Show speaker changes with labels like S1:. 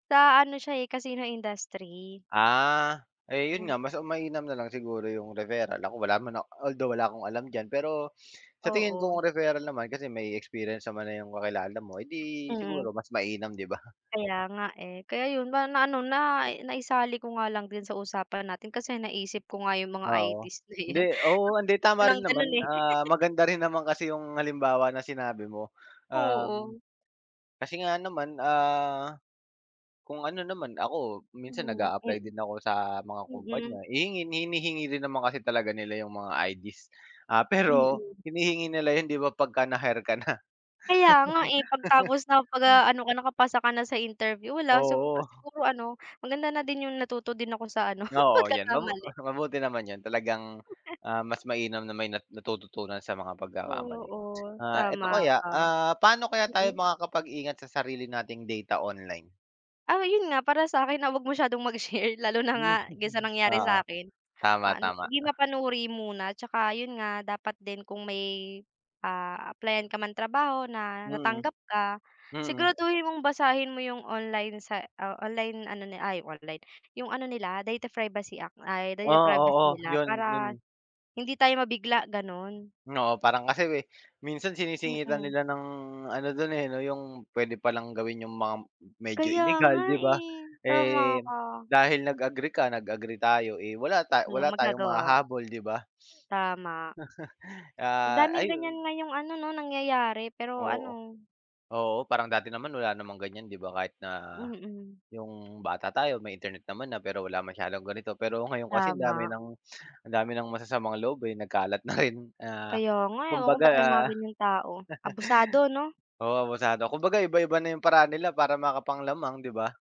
S1: Sa ano siya eh, casino industry.
S2: Ah, yun
S1: Mm.
S2: nga mas mainam na lang siguro yung referral, ako wala man although wala akong alam diyan pero, sa tingin ko
S1: Oo.
S2: ang referral naman kasi may experience naman na yung kakilala mo eh di
S1: Mm.
S2: siguro mas mainam, di ba?
S1: Kaya nga eh, kaya yun, ma na-ano na naisali ko nga lang din sa usapan natin kasi naisip ko nga yung mga ID's
S2: Oo,
S1: na yan
S2: hindi
S1: na
S2: oo hindi
S1: ako
S2: tama
S1: ng
S2: rin
S1: ganon
S2: naman
S1: eh.
S2: ah, maganda rin naman kasi yung halimbawa na sinabi mo, um,
S1: Oo.
S2: kasi nga naman ah, kung ano naman ako, minsan nag
S1: Hmm,
S2: a-apply din ako sa mga
S1: mm.
S2: kumpanya, hihingin hinihingi din naman kasi talaga nila yung mga ID's, ah, pero,
S1: Mm.
S2: hinihingi nila yun di ba pagka na-hire ka na?
S1: Kaya nga eh, 'pag tapos nakapag-ano ka nakapasa ka na sa interview wala sig
S2: Oo.
S1: siguro ano maganda na din yung natuto din ako sa ano
S2: Oo yan mabu
S1: pagkakamali.
S2: mabuti naman yun talagang, ah, mas mainam na may na natututunan sa mga pagkakamali,
S1: Oo,
S2: ah
S1: tama
S2: eto kaya
S1: ka,
S2: ah, paano kaya tayo
S1: mm.
S2: makakapag-ingat sa sarili nating data online?
S1: Ah 'yon nga, para sa akin na 'wag masyadong mag-share, lalo na nga
S2: Hmm.
S1: dun sa nangyari
S2: Oo
S1: sa akin.
S2: tama,
S1: Paano
S2: tama
S1: hindi
S2: ah.
S1: mapanuri muna tsaka yun nga, dapat din kung may, ah, apply-an ka ng trabaho na
S2: Mm,
S1: natanggap ka,
S2: mm.
S1: siguraduhin mong basahin mo 'yong online sa o online ano ay online, 'yong ano nila data privacy act ay data privacy
S2: Oh, oo,
S1: nila
S2: yun
S1: para,
S2: yun.
S1: hindi tayo mabigla ganun.
S2: Oo, parang kasi eh, minsan sinisingitan
S1: Mm.
S2: nila ng ano dun eh, no yung pwede palang gawin yung mga medyo
S1: Kaya
S2: illegal
S1: nga
S2: di ba?
S1: eh, tama
S2: Eh,
S1: ka.
S2: dahil nag-agree ka, nag agree tayo eh, wala ta wala
S1: Walang
S2: tayong
S1: magagawa.
S2: mahahabol di ba?
S1: Tama. Ang
S2: Ah,
S1: daming ganyan
S2: ayun.
S1: ngayong ano no, nangyayari pero
S2: Oo,
S1: ano
S2: oo parang dati naman wala namang ganyan di ba kahit na,
S1: Mm.
S2: yung bata tayo may Internet naman na pero wala masyadong ganito pero ngayon kasi ang dami
S1: Tama.
S2: ng ang dami ng masasamang loob eh, nagkalat na rin ah,
S1: Kaya nga, ewan ko
S2: kumbaga
S1: ba't may mga ganyang tao, abusado no?
S2: Oo abusado kumbaga iba-iba na yung paraan nila para makapang-lamang, 'di ba?